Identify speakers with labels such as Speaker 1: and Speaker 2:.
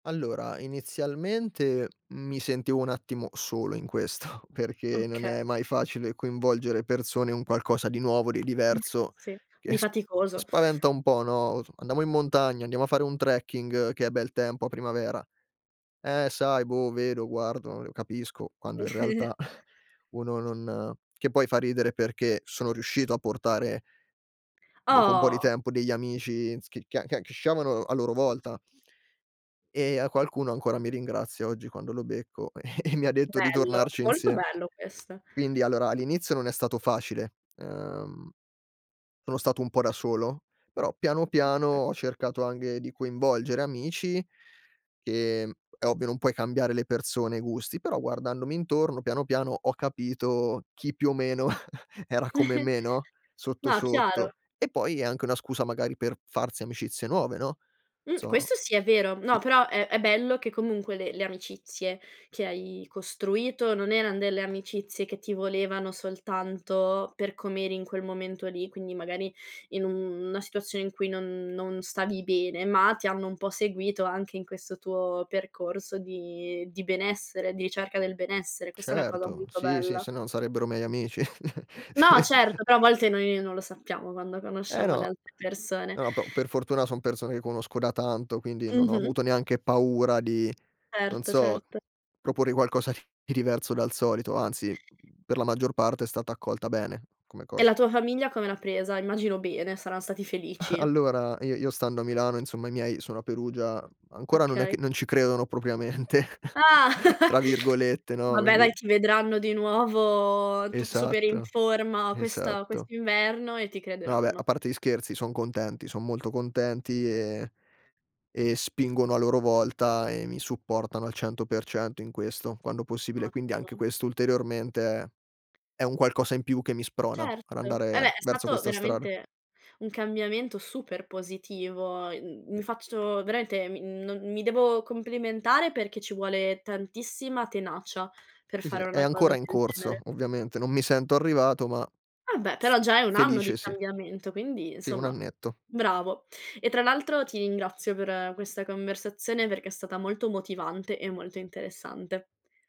Speaker 1: Allora, inizialmente mi sentivo un attimo solo in questo, perché non
Speaker 2: Oka
Speaker 1: è mai facile coinvolgere persone i un qualcosa di nuovo, di diverso
Speaker 2: Sì,
Speaker 1: che
Speaker 2: di
Speaker 1: s
Speaker 2: faticoso.
Speaker 1: spaventa un po', no, os: "Andiamo in montagna, andiamo a fare un trekking, che è bel tempo a primavera"; "Eh, sai boh, vedo, guardo, uhm, capisco", quando in realtà, uno non che poi fa ridere perché sono riuscito a portare dopo un po' di
Speaker 2: Oh.
Speaker 1: tempo, degli amici s c che che che sciavano a loro volta e a qualcuno ancora mi ringrazia oggi, quando lo becco, e e mi detto di
Speaker 2: Bello,
Speaker 1: tornarci
Speaker 2: molto
Speaker 1: insiem
Speaker 2: bello questo.
Speaker 1: quindi, allora, all'inizio non è stato facile, ehm, sono stato un po' da solo, però piano, piano
Speaker 2: Oka
Speaker 1: ho cercato anche di coinvolgere amici che è ovvio non puoi cambiare le persone e i gusti, però guardandomi intorno, piano, piano, ho capito chi, più o meno, era come me, no? Sotto,
Speaker 2: No, chiaro.
Speaker 1: sotto. E poi, è anche una scusa, magari, per farsi amicizie nuove, no? Non
Speaker 2: Mh,
Speaker 1: so
Speaker 2: questo sì, è vero. No,
Speaker 1: sicu
Speaker 2: però è è bello che comunque le le amicizie che hai costruito non eran delle amicizie che ti volevano soltanto per com'eri in quel momento lì, quindi, magari, in u una situazione in cui non non stavi bene, ma ti hanno un po' seguito, anche in questo tuo percorso di di benessere, di ricerca del benessere. Questa è una cosa
Speaker 1: Certo,
Speaker 2: molto
Speaker 1: sì, sì,
Speaker 2: bella.
Speaker 1: se no non sarebbero miei amici.
Speaker 2: No, certo, però a volte noi non lo sappiamo, quando
Speaker 1: Eh,
Speaker 2: conosciamo le
Speaker 1: no.
Speaker 2: altre persone.
Speaker 1: No, no, po per fortuna son persone che conosco da tanto, quindi non ho
Speaker 2: Mh-mh.
Speaker 1: avuto neanche paura di, non
Speaker 2: Certo,
Speaker 1: so,
Speaker 2: certo.
Speaker 1: proporre qualcosa di di diverso dal solito, anzi, mhmm, per la maggior parte è stata accolta bene come
Speaker 2: E
Speaker 1: cosa.
Speaker 2: la tua famiglia come l'ha presa? Immagino bene, saran stati felici.
Speaker 1: Allora, i io stando a Milano insomma, i miei sono a Perugia, ancora non è
Speaker 2: Okay.
Speaker 1: che "non ci credono" "propriamente"
Speaker 2: Ah,
Speaker 1: tra virgolette, no?
Speaker 2: vabbè,
Speaker 1: Quindi
Speaker 2: dai, ti vedranno di nuovo tutto super in
Speaker 1: Esatto,
Speaker 2: forma questa
Speaker 1: esatto.
Speaker 2: quest'inverno e ti
Speaker 1: No vabbè, a
Speaker 2: crederanno.
Speaker 1: parte gli scherzi, son contenti, son molto contenti e e spingono a loro volta e mi supportano al 100% in questo, quando possibile, quindi anche
Speaker 2: Ottimo.
Speaker 1: questo, ulteriormente, è è un qualcosa in più che mi sprona ad
Speaker 2: Certo, eh,
Speaker 1: andare
Speaker 2: beh, è
Speaker 1: verso
Speaker 2: stato
Speaker 1: questa strada.
Speaker 2: veramente un cambiamento super positivo, mhmm,
Speaker 1: E
Speaker 2: mi faccio veramente, mi non mi devo complimentare, perché ci vuole tantissima tenacia per
Speaker 1: Sì, sì,
Speaker 2: fare
Speaker 1: è
Speaker 2: una cosa
Speaker 1: ancora in
Speaker 2: del
Speaker 1: corso,
Speaker 2: genere.
Speaker 1: ovviamente, non mi sento arrivato ma
Speaker 2: Vabbè,
Speaker 1: s
Speaker 2: però già è un anno
Speaker 1: felice
Speaker 2: di
Speaker 1: sì.
Speaker 2: cambiamento, quindi,
Speaker 1: Sì, 1
Speaker 2: insomma,
Speaker 1: annetto.
Speaker 2: bravo. E, tra l'altro, ti ringrazio per questa conversazione perché è stata molto motivante e molto interessante.